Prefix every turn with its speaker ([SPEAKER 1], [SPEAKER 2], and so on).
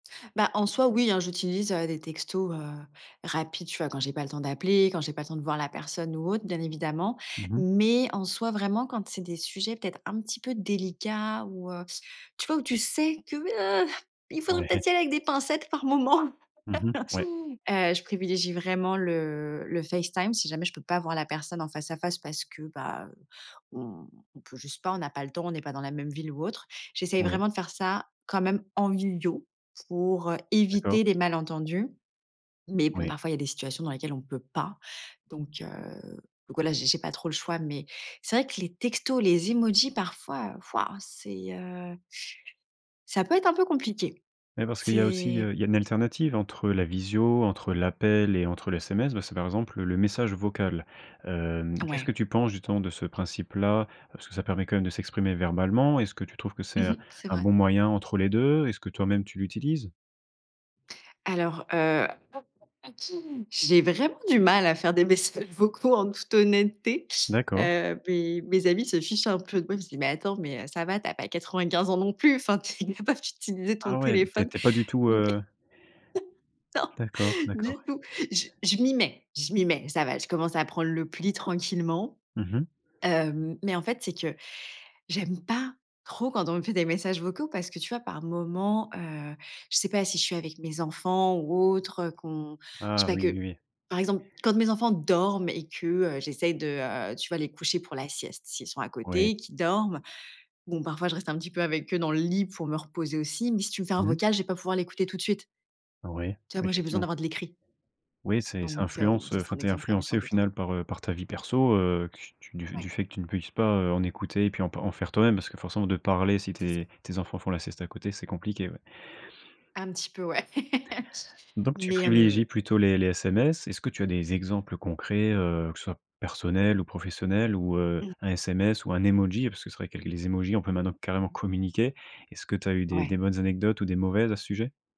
[SPEAKER 1] Ben, en soi, oui, hein, j'utilise, heu, des textos, heu, rapides, tu vois, quand j'ai pas le temps d'appeler, quand j'ai pas le temps de voir la personne ou autre, bien évidemment.
[SPEAKER 2] Mmh mh.
[SPEAKER 1] Mais en soi, vraiment, quand c'est des sujets peut-être un petit peu délicats ou, heu, tu vois, où tu sais que, heu, il faudrait
[SPEAKER 2] Ouais.
[SPEAKER 1] peut-être y aller avec des pincettes par moment,
[SPEAKER 2] Mmh mh. Ouais.
[SPEAKER 1] heu, je privilégie vraiment le le Facetime, si jamais je peux pas voir la personne en face à face parce que, ben, heu, on peut juste pas, on a pas le temps, on est pas dans la même ville ou autre. J'essaye
[SPEAKER 2] Oui.
[SPEAKER 1] vraiment de faire ça quand même en visio pour, heu,
[SPEAKER 2] D'accord.
[SPEAKER 1] éviter les malentendus. Mais bon,
[SPEAKER 2] Oui.
[SPEAKER 1] parfois, il y a des situations dans lesquelles on ne peut pas. Donc heu, donc voilà, j'ai j'ai pas trop le choix. Mais c'est vrai que les textos, les emojis parfois waouh c'est, heu, ça peut être un peu compliqué.
[SPEAKER 2] Ouais, parce qu'il y a aussi,
[SPEAKER 1] C'est
[SPEAKER 2] heu, il y a une alternative entre la visio, entre l'appel et entre le SMS. Bah, c'est par exemple le message vocal, heu. Qu'est-ce
[SPEAKER 1] Ouais.
[SPEAKER 2] que tu penses justement de ce principe là? Parce que ça permet quand même de s'exprimer verbalement. Est-ce que tu trouves que
[SPEAKER 1] Mmh
[SPEAKER 2] c'est
[SPEAKER 1] mh.
[SPEAKER 2] un
[SPEAKER 1] C'est
[SPEAKER 2] un
[SPEAKER 1] vrai.
[SPEAKER 2] bon moyen entre les 2? Est-ce que toi-même tu l'utilises?
[SPEAKER 1] Alors, heu, pas pas pas tout. J'ai vraiment du mal à faire des messages vocaux, en toute honnêteté.
[SPEAKER 2] D'accord.
[SPEAKER 1] Heu, beh, mes amis se fichent un peu de moi, ils me disent: «Mais attends, mais ça va, tu as pas 95 ans non plus, enfin, tu es capable d'utiliser ton
[SPEAKER 2] Ah ouais, tu es
[SPEAKER 1] téléphone».
[SPEAKER 2] tu es pas du tout,
[SPEAKER 1] Mais
[SPEAKER 2] heu?
[SPEAKER 1] non,
[SPEAKER 2] D'accord, d'accord.
[SPEAKER 1] du tout. J je m'y mets je m'y mets. Ça va, je commence à prendre le pli tranquillement,
[SPEAKER 2] Mmh mh.
[SPEAKER 1] heu. Mais en fait, c'est que j'aime pas trop quand on me fait des messages vocaux parce que tu vois, par moments, heu, je sais pas, si je suis avec mes enfants ou autres, heu, qu'on je
[SPEAKER 2] Ah
[SPEAKER 1] sais pas
[SPEAKER 2] oui, oui,
[SPEAKER 1] que
[SPEAKER 2] oui.
[SPEAKER 1] par exemple, quand mes enfants dorment et que, heu, j'essaye de, heu, tu vois, les coucher pour la sieste, s'ils sont à
[SPEAKER 2] Oui.
[SPEAKER 1] côté, qu'ils dorment. Bon, parfois, je reste un petit peu avec eux dans le lit pour me reposer aussi. Mais si tu me fais un
[SPEAKER 2] Mmh.
[SPEAKER 1] vocal, je vais pas pouvoir l'écouter tout de suite.
[SPEAKER 2] Oui,
[SPEAKER 1] Tu vois, moi, j'ai besoin
[SPEAKER 2] effectivement.
[SPEAKER 1] d'avoir de l'écrit.
[SPEAKER 2] Oui c'est ça
[SPEAKER 1] Donc heu, bon
[SPEAKER 2] influence, heu
[SPEAKER 1] ça, c'est un
[SPEAKER 2] enfin, tu es
[SPEAKER 1] exemple parmi tant
[SPEAKER 2] influencée, au
[SPEAKER 1] d'autres.
[SPEAKER 2] final, par, heu, par ta vie perso, heu, que tu du
[SPEAKER 1] Ouais.
[SPEAKER 2] fait que tu ne puisses pas, heu, en écouter et puis en p en faire toi-même. Parce que forcément, de parler si
[SPEAKER 1] C'est ça.
[SPEAKER 2] tes tes enfants font la sieste à côté, c'est compliqué, ouais.
[SPEAKER 1] Un petit peu, ouais.
[SPEAKER 2] Donc tu
[SPEAKER 1] Mais, hem
[SPEAKER 2] privilégies plutôt les les SMS. Est-ce que tu as des exemples concrets, heu, que ce soit personnel ou professionnel ou, heu,
[SPEAKER 1] Mmh.
[SPEAKER 2] un SMS ou un emoji? Parce que c'est vrai qu'avec les emojis, on peut maintenant carrément communiquer. Est-ce que tu as eu des des
[SPEAKER 1] Ouais.
[SPEAKER 2] bonnes anecdotes ou des mauvaises à ce sujet?